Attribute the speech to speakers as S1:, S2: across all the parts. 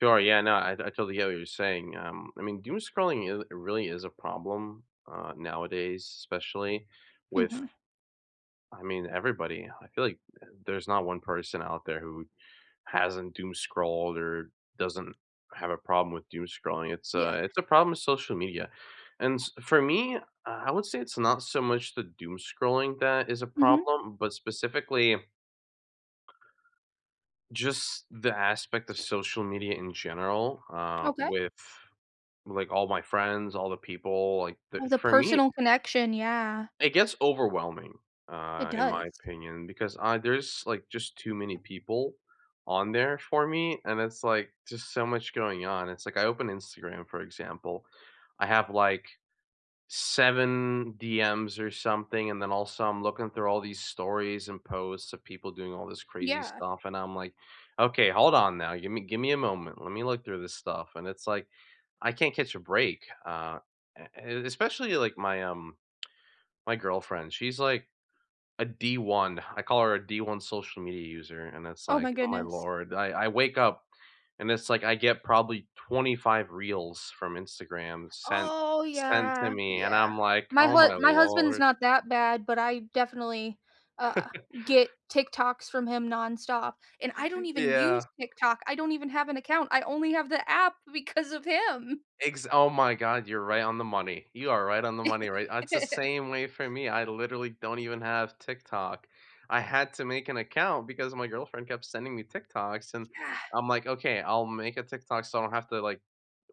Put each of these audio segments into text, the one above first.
S1: Oh, yeah, no, I I totally hear what you're saying, um, I mean, doomscrolling is really is a problem, uh, nowadays, especially with
S2: Mhm.
S1: I mean, everybody. I feel like there's not one person out there who hasn't doomscrolled or doesn't have a problem with doomscrolling. It's
S2: Yeah.
S1: a it's a problem with social media, and s for me, uh, I would say it's not so much the doomscrolling that is a
S2: Mhm.
S1: problem, but specifically just, the aspect of social media in general, uh,
S2: Okay.
S1: with like all my friends, all the people, like th
S2: Oh, the
S1: for me
S2: personal connection, yeah.
S1: it gets overwhelming,
S2: It
S1: uh, in my
S2: does.
S1: opinion, because, uh, there's like just too many people on there for me and it's like just so much going on and it's like I open Instagram for example, I have like, 7 DMs, or something, and then also I'm looking through all these stories and posts of people doing all this crazy
S2: Yeah.
S1: stuff and I'm like, "Okay, hold on now, gimme gimme a moment, let me look through this stuff," and it's like, I can't catch a break, uh, a and especially like my, um, my girlfriend, she's like, a D1. I call her a D1 social media user and it's,
S2: Oh my
S1: like, "Oh my
S2: goodness.
S1: lord." I I wake up and it's like, get probably 25 reels from Instagram sent
S2: Oh
S1: sent to
S2: yeah,
S1: me, and
S2: yeah,
S1: I'm like,
S2: my
S1: "Oh
S2: hu
S1: my
S2: my husband's
S1: lord."
S2: not that bad but I definitely, uh, get TikToks from him nonstop and I don't even use
S1: Yeah.
S2: TikTok, I don't even have an account, I only have the app because of him.
S1: Ex oh my god, you're right on the money, you are right on the money, right? That's the same way for me, I literally don't even have TikTok. I had to make an account because my girlfriend kept sending me TikToks, and
S2: Yeah.
S1: I'm like, "Okay, I'll make a TikTok so I don't have to, like,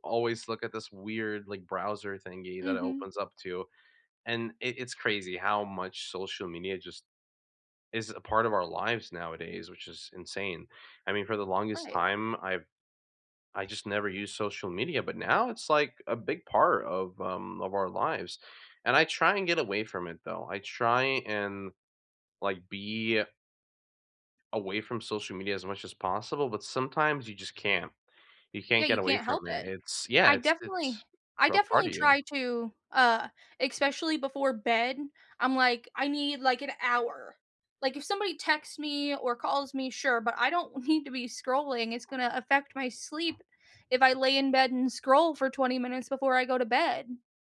S1: always look at this weird, like, browser thingy that it
S2: Mhm.
S1: opens up to," and i it's crazy how much social media just is a part of our lives nowadays, which is insane. I mean, for the longest
S2: Right.
S1: time I've I just never used social media, but now it's like a big part of, um, of our lives, and I try and get away from it though, I try and like be away from social media as much as possible, but sometimes you just can't. You
S2: Yeah,
S1: can't get
S2: you
S1: away
S2: can't help
S1: from it,
S2: it.
S1: it's yeah,
S2: I
S1: it's
S2: definitely
S1: it's
S2: I
S1: grow a part
S2: definitely
S1: of you.
S2: try to uh, especially before bed, I'm like, "I need, like, an hour," like, if somebody texts me or calls me, sure, but I don't need to be scrolling, it's gonna to affect my sleep if I lay in bed and scroll for 20 minutes before I go to bed.